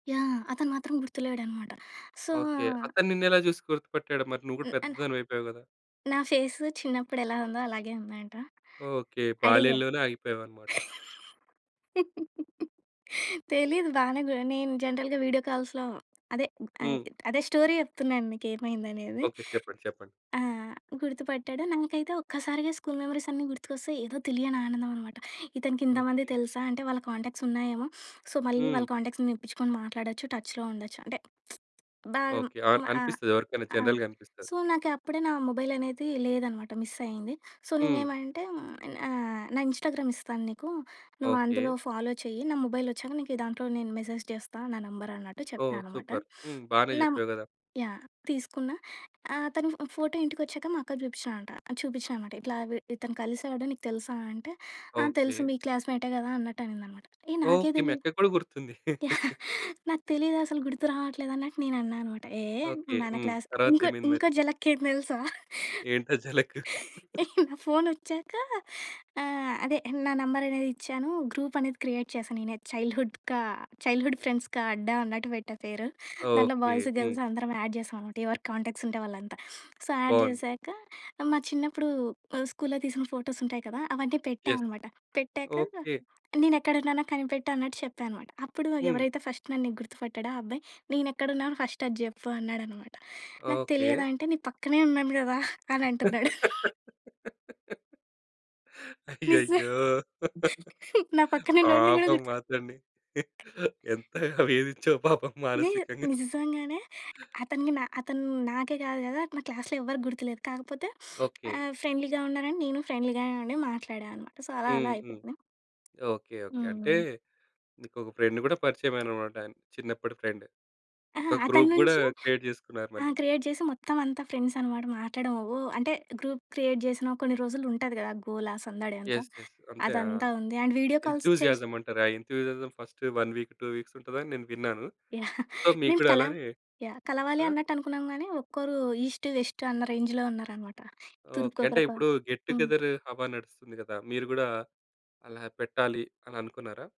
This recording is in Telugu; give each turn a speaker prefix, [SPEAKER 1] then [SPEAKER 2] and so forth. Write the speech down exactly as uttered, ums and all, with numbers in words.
[SPEAKER 1] యాహ్! అతను మాత్రం గుర్తులేడనమాట. So
[SPEAKER 2] okay. అతను నిన్ను ఎలా చూసి గుర్తుపట్టాడు? మరి నువ్వు కూడా
[SPEAKER 1] హ్మ్. అన్
[SPEAKER 2] పెద్దదానివయిపోయావు గదా?
[SPEAKER 1] నా ఫేస్ చిన్నప్పుడు ఎలా ఉందో అలాగే ఉందంట.
[SPEAKER 2] ఓకే.
[SPEAKER 1] అడిగ.
[SPEAKER 2] బాల్యంలోనే ఆగిపోయాం అన్నమాట?
[SPEAKER 1] తెలీదు. బానే గున్ నేను జనరల్‌గా వీడియో కాల్స్‌లో అదే ఆహ్,
[SPEAKER 2] హ్మ్.
[SPEAKER 1] అదే స్టోరీ చెప్తున్నాను మీకు ఏమైందనేది.
[SPEAKER 2] ఓకే. చెప్పండి. చెప్పండి.
[SPEAKER 1] ఆ! గుర్తుపట్టాడు. నాకైతే ఒక్కసారిగా స్కూల్ మెమోరీస్ అన్నీ గుర్తుకొస్తాయి, ఏదో తెలియని ఆనందం అనమాట. ఇతనికి ఇంతమంది
[SPEAKER 2] ఓకే.
[SPEAKER 1] తెలుసా? అంటే వాళ్ళ కాంటాక్ట్స్ ఉన్నాయేమో, సో, మళ్ళీ
[SPEAKER 2] హ్మ్.
[SPEAKER 1] వాళ్ళ కాంటాక్ట్స్ తెప్పించుకొని మాట్లాడొచ్చు టచ్‌లో ఉండొచ్చు. అంటే బ
[SPEAKER 2] ఓకే. ఆ!
[SPEAKER 1] మ
[SPEAKER 2] అనిపిస్తది ఎవరికైనా
[SPEAKER 1] అ
[SPEAKER 2] జనరల్‌గా అనిపిస్తది.
[SPEAKER 1] సో, నాకు అప్పుడే నా మొబైల్ అనేది లేదనమాట. మిస్ అయింది. సో,
[SPEAKER 2] హ్మ్.
[SPEAKER 1] నేనేమంటే ఆహ్, "నా ఇన్‌స్టా‌గ్రామ్ ఇస్తాను నీకు. నువ్వు అందులో
[SPEAKER 2] ఓకే.
[SPEAKER 1] ఫాలో చెయ్యి. నా మొబైల్ వచ్చాక నీకు దాంట్లో నేను మెసేజ్ చేస్తా నా నెంబరు" అన్నట్టు
[SPEAKER 2] ఓహ్!
[SPEAKER 1] చెప్పాననమాట.
[SPEAKER 2] సూపర్. హ్మ్. బానే
[SPEAKER 1] నం
[SPEAKER 2] చెప్పావు గదా!
[SPEAKER 1] యాహ్, తీసుకున్నా ఆ! అతను ఫో ఫోటో ఇంటికి వచ్చాక మా అక్కకు చూపిచయంట చూపిచ్చానామాట. ఇట్లా విడ్ ఇతను కలిసాడు నీకు తెలుసా అంటే? ఆ!
[SPEAKER 2] ఓకే.
[SPEAKER 1] తెలుసు మీ క్లాస్‌మేటే కదా అన్నట్టు అనిందనమాట. ఏ నాకే
[SPEAKER 2] ఓకే. మీ
[SPEAKER 1] తెలీదు.
[SPEAKER 2] అక్కకి కూడా గుర్తుంది.
[SPEAKER 1] యాహ్! నాకు తెలియదసలు. గుర్తు రావట్లేదు అని నేను అన్నా అన్నమాట. ఏ
[SPEAKER 2] ఓకే.
[SPEAKER 1] మన
[SPEAKER 2] హ్మ్.
[SPEAKER 1] క్లాస్
[SPEAKER 2] తర్వాత
[SPEAKER 1] ఇంకో
[SPEAKER 2] ఏమైంది
[SPEAKER 1] ఇంకో
[SPEAKER 2] మరి?
[SPEAKER 1] జలక్ ఎంది తెలుసా?
[SPEAKER 2] ఏంటా జలక్?
[SPEAKER 1] నా ఫోన్ వచ్చాక ఆహ్, అదే నా నంబర్ అనేది ఇచ్చాను. గ్రూప్ అనేది క్రియేట్ చేశాను నేనే చైల్డ్‌హుడ్ కా చైల్డ్‌హుడ్ ఫ్రెండ్స్‌కా అడ్డా అన్నట్టు పెట్టా పేరు. దాంట్లో
[SPEAKER 2] ఓకే.
[SPEAKER 1] బాయ్స్
[SPEAKER 2] హ్మ్.
[SPEAKER 1] గర్ల్స్ అందరం యాడ్ చేసాం అనమాట. ఎవరు కాంటాక్ట్స్ ఉంటే వాళ్ళంతా. సో యాడ్
[SPEAKER 2] బావుంది.
[SPEAKER 1] చేశాక మా చిన్నప్పుడు మా స్కూల్‌లో తీసిన ఫోటోస్ ఉంటాయి కదా! అవన్నీ పెట్టా
[SPEAKER 2] యెస్.
[SPEAKER 1] అనమాట. పెట్టాక
[SPEAKER 2] ఓకే.
[SPEAKER 1] నేనెక్కడున్నానో కనిపెట్టన్నట్టు చెప్పానమాట. అప్పుడు
[SPEAKER 2] హ్మ్.
[SPEAKER 1] ఎవరైతే ఫస్ట్ నన్ను నీకు గుర్తుపట్టాడో ఆ అబ్బాయి "నేను ఎక్కడున్నానో ఫస్ట్ అది చెప్పు" అన్నాడనమాట. నాకు
[SPEAKER 2] ఓకే.
[SPEAKER 1] తెలియదు అంటే "నీ పక్కనే ఉన్నాను కదా!" అని అంటున్నాడు. నిజా
[SPEAKER 2] అయ్యయ్యో!
[SPEAKER 1] నా పక్కనున్నోడిని కూడా
[SPEAKER 2] పాపం
[SPEAKER 1] గుర్తు
[SPEAKER 2] అతన్ని ఎంతగ వేదించవు పాపం
[SPEAKER 1] ని
[SPEAKER 2] మానసికంగా.
[SPEAKER 1] నిజంగానే. అతనికి అతను నాకే కాదు కదా, నా క్లాస్‌లో ఎవరికీ గుర్తులేదు. కాకపోతే
[SPEAKER 2] ఓకే.
[SPEAKER 1] ఆహ్, ఫ్రెండ్లీగా ఉన్నారని నేను ఫ్రెండ్లీగానే మాట్లాడానమాట. సో, అలా
[SPEAKER 2] హ్మ్.
[SPEAKER 1] అలా
[SPEAKER 2] హ్మ్.
[SPEAKER 1] అయిపోయింది.
[SPEAKER 2] ఓకే. ఓకే. అంటే
[SPEAKER 1] హ్మ్.
[SPEAKER 2] ఇంకొక ఫ్రెండ్ కూడా పరిచయమెనన్నమాట చిన్నప్పటి ఫ్రెండ్.
[SPEAKER 1] అహా!
[SPEAKER 2] ఒక
[SPEAKER 1] అతని
[SPEAKER 2] గ్రూప్ కూడా
[SPEAKER 1] నుంచి
[SPEAKER 2] క్రియేట్ చేసుకున్నారు
[SPEAKER 1] ఆ!
[SPEAKER 2] మళ్ళీ.
[SPEAKER 1] క్రియేట్ చేసి మొత్తం అంతా ఫ్రెండ్స్ అన్నమాట మాట్లాడడం ఓహ్, అంటే గ్రూప్ క్రియేట్ చేసిన కొన్ని రోజులు ఉంటది గదా గోలా సందడి అంతా.
[SPEAKER 2] యెస్. యెస్. అంతే ఆ!
[SPEAKER 1] అదంతా ఉంది. అండ్ వీడియో కాల్స్ చేసి
[SPEAKER 2] ఎంథూసియాజమ్ అంటారు. ఆ enthusiasm first one week two weeks ఉంటదని నేను విన్నాను.
[SPEAKER 1] యాహ్!
[SPEAKER 2] సో, మీకు
[SPEAKER 1] మేము
[SPEAKER 2] కూడా
[SPEAKER 1] కల
[SPEAKER 2] అలానే
[SPEAKER 1] యాహ్! కలవాలి
[SPEAKER 2] ఆ?
[SPEAKER 1] అన్నట్టు అనుకున్నాం గానీ, ఒక్కరు ఈస్ట్, వెస్ట్ అన్న రేంజ్‌లో ఉన్నారన్నమాట.
[SPEAKER 2] ఓకే. అంటే
[SPEAKER 1] తూర్పుకోకరు పా
[SPEAKER 2] ఇప్పుడు గెట్ టు
[SPEAKER 1] హ్మ్.
[SPEAKER 2] గెదరు హావా నడుస్తుంది కదా! మీరు కూడా అలా పెట్టాలి అననుకున్నారా?